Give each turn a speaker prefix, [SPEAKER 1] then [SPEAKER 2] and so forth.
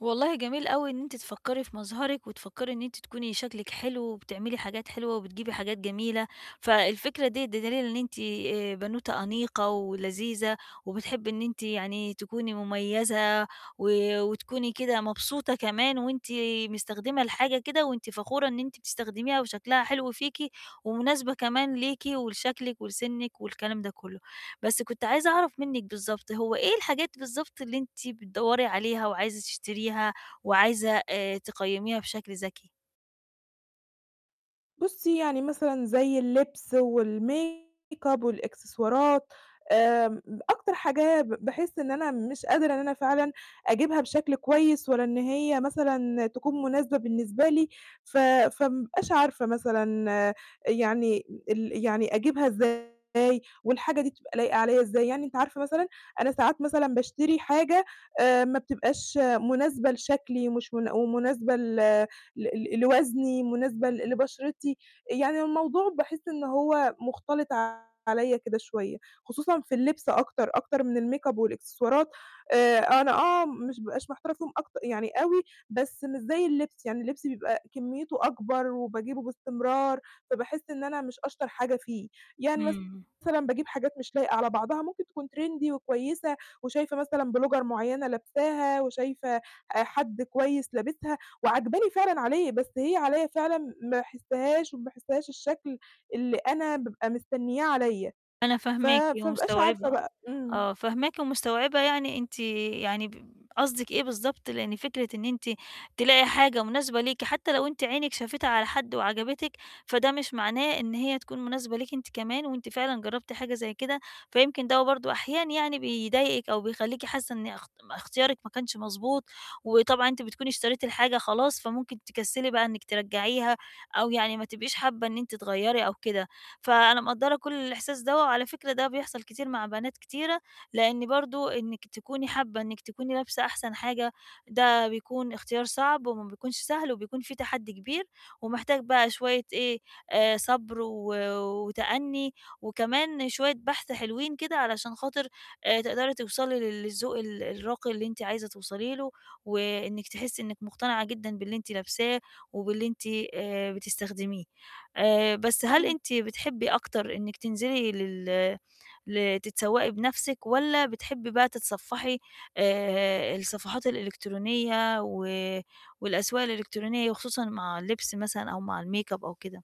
[SPEAKER 1] والله جميل أوي إن أنتِ تفكّري في مظهرِك، وتفكّري إن أنتِ تكوني شكلِك حلو، وبتعملي حاجات حلوة وبتجيبي حاجات جميلة، فالفكرة دي ده دليل إن أنتِ آآ، بنوتة أنيقة ولذيذة وبتحبي إن أنتِ يعني تكوني مميّزة و وتكوني كده مبسوطة كمان وأنتِ مستخدمة الحاجة كده وأنتِ فخورة إن أنتِ بتستخدميها، وشكلها حلو فيكِ، ومناسبة كمان ليكِ، ولشكلِك، ولسنِك، والكلام ده كلّه، بس كنت عايزة أعرف منِك بالضبط، هو إيه الحاجات بالضبط اللي أنتِ بتدوري عليها وعايزة تشتريها وعايزة آآ، تقيميها بشكل ذكي؟
[SPEAKER 2] بُصي يعني مثلًا زي اللبس والmake up والإكسسوارات، آمم، أكتر حاجة ب باحس إن أنا مش قادرة إن أنا فعلًا أجيبها بشكل كويّس، ولا إن هي مثلًا تكون مناسبة بالنسبة لي، ف فما بابقاش عارفة مثلًا يعني ال يعني أجيبها إزاي؟ والحاجة دي بتبقى لايقة عليَّ إزاي؟ يعني أنتِ عارفة مثلًا، أنا ساعات مثلًا باشتري حاجة آآ، ما بتبقاش مناسبة لشكلي ومش منا ومناسبة ل ل ل لوزني مناسبة ل لبشرتي، يعني الموضوع باحس إن هو مختلط عليَّ كده شويّة، خصوصًا في اللبس أكتر، أكتر من الmake up والإكسسوارات آآ، أنا آه مش ما بابقاش محتارة فيهم أكت يعني أوي، بس مش زي اللبس، يعني اللبس بيبقى كميته أكبر وباجيبه باستمرار فباحس إن أنا مش أشطر حاجة فيه، يعني مثلًا
[SPEAKER 1] امم.
[SPEAKER 2] باجيب حاجات مش لايقة على بعضها ممكن تكون Trendy وكويّسة وشايفة مثلًا Blogger معيّنة لابساها وشايفة آآ حد كويّس لابسها، وعاجباني فعلًا عليه، بس هي عليَّ فعلًا ما باحسهاش وما باحسهاش الشكل اللي أنا بابقى مستنياه عليَّ،
[SPEAKER 1] أنا
[SPEAKER 2] ف
[SPEAKER 1] فاهماكِ
[SPEAKER 2] فما بابقاش عارفة
[SPEAKER 1] ومستوعبة.
[SPEAKER 2] بقى امم.
[SPEAKER 1] آه، فاهماكِ ومستوعبة، يعني أنتِ يعني ب قصدك إيه بالضبط، لإن فكرة إن أنتِ تلاقي حاجة مناسبة ليكِ حتّى لو أنتِ عينِك شافتها على حد وعجبتِك، فده مش معناه إن هي تكون مناسبة ليكِ أنتِ كمان، وأنتِ فعلًا جربتِ حاجة زي كده، فيمكن ده برضه أحيانًا يعني بيضايقِك أو بيخليكِ حاسّة إن اخت اختيارك ما كانش مضبوط، وطبعًا أنت بتكوني اشتريتِ الحاجة خلاص، فممكن تكسلي بقى إنّك ترجعيها أو يعني ما تبقيش حابّة إن أنتِ تغيري أو كده. فأنا مقدرة كل الإحساس دوّة، وعلى فكرة ده بيحصل كتير مع بنات كتيرة، لإن برضه إنّك تكوني حابّة إنّك تكوني لابسة أحسن حاجة، ده بيكون اختيار صعب وما بيكونش سهل، وبيكون فيه تحدّي كبير ومحتاج بقى شويّة إيه، آآ، صبر، و وتأني وكمان شويّة بحث حلوين كده علشان خاطر آآ، تقدري توصلي للذوق ال الراقي اللي أنتِ عايزة توصلي له، وإنّك تحسّي إنّك مقتنعة جدًا باللي أنتِ لابساه وباللي أنتِ آآ، بتستخدميه آآ، بس هل
[SPEAKER 2] امم.
[SPEAKER 1] أنتِ بتحبي أكتر إنّك تنزلي لل لتتسوقي بنفسِك والّا بتحبي بقى تتصفحي آآ، الصفحات الإلكترونية، و والأسواق الإلكترونية وخصوصًا مع اللبس مثلًا أو مع الmake up أو كده؟